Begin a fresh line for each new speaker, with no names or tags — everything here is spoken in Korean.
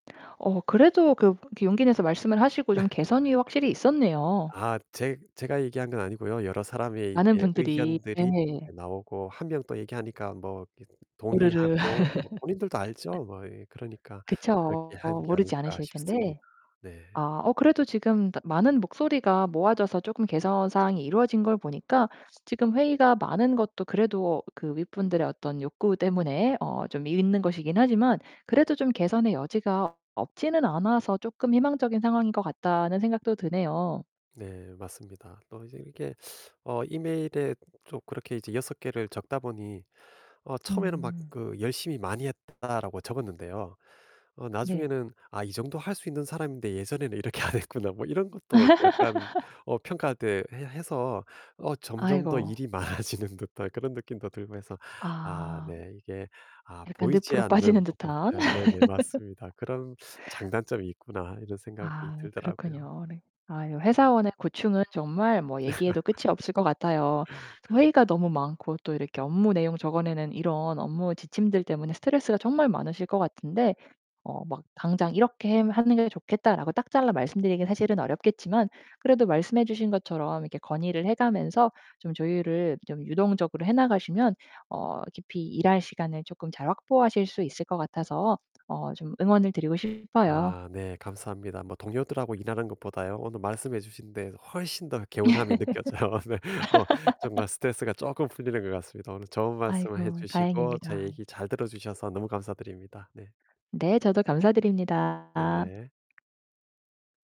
어 그래도 그렇게 용기 내서 말씀을 하시고 좀 개선이 확실히 있었네요.
아. 제 제가 얘기한 건 아니고요. 여러 사람의
많은
이게
분들이.
의견들이
네.
나오고 1 명 또 얘기하니까 뭐 이렇게
우르르.
동의하고 뭐 본인들도 알죠, 뭐 이 그러니까 '그렇게
그쵸.
한 게
모르지
아닐까.'
않으실
싶습니다.
텐데.
네.
아 어 그래도 지금 다 많은 목소리가 모아져서 쪼금 개선 사항이 이루어진 걸 보니까 지금 회의가 많은 것도 그래도 그 윗분들의 어떤 욕구 때문에 어 좀 있는 것이긴 하지만 그래도 좀 개선의 여지가 없지는 않아서 쪼끔 '희망적인 상황인 것 같다.'는 생각도 드네요.
네. 맞습니다. 또 이제 이렇게 어 이메일에 좀 그렇게 이제 6 개를 적다 보니 어 처음에는 막
음.
그 "열심히 많이 했다."라고 적었는데요. 어
네.
나중에는 '아 이 정도 할 수 있는 사람인데 예전에는 이렇게 안 했구나.' 뭐 이런 것도 약간 어 평가 대 해 해서 어 점점 더
아이고.
일이 많아지는 듯한 그런 느낌도 들고 해서 아
아.
네 이게 아
약간
보이지
늪으로 빠지는
않는 부분
듯한.
아 네네. 맞습니다. '그런 장단점이 있구나.' 이런 생각이
아
들더라고요.
그렇군요. 네. 아유 회사원의 고충은 정말 뭐 얘기해도 끝이 없을 것 같아요. 회의가 너무 많고 또 이렇게 업무 내용 적어 내는 이런 업무 지침들 때문에 스트레스가 정말 많으실 것 같은데 어 막 "당장 이렇게 햄 하는 게 좋겠다."라고 딱 잘라 말씀드리기는 사실은 어렵겠지만 그래도 말씀해 주신 것처럼 이렇게 건의를 해 가면서 좀 조율을 좀 유동적으로 해 나가시면 어 깊이 일할 시간을 쪼끔 잘 확보하실 수 있을 것 같아서 어 좀 응원을 드리고 싶어요.
아 네. 감사합니다. 뭐 동료들하고 일하는 것 보다요. 오늘 말씀해 주신 데 훨씬 더 개운함이 느껴져요. 네. 뭐 정말 스트레스가 쪼끔 풀리는 것 같습니다. 오늘 좋은 말씀을 해
아이고.
주시고 제
다행입니다.
얘기 잘 들어 주셔서 너무 감사드립니다. 네.
네. 저도 감사드립니다.
네.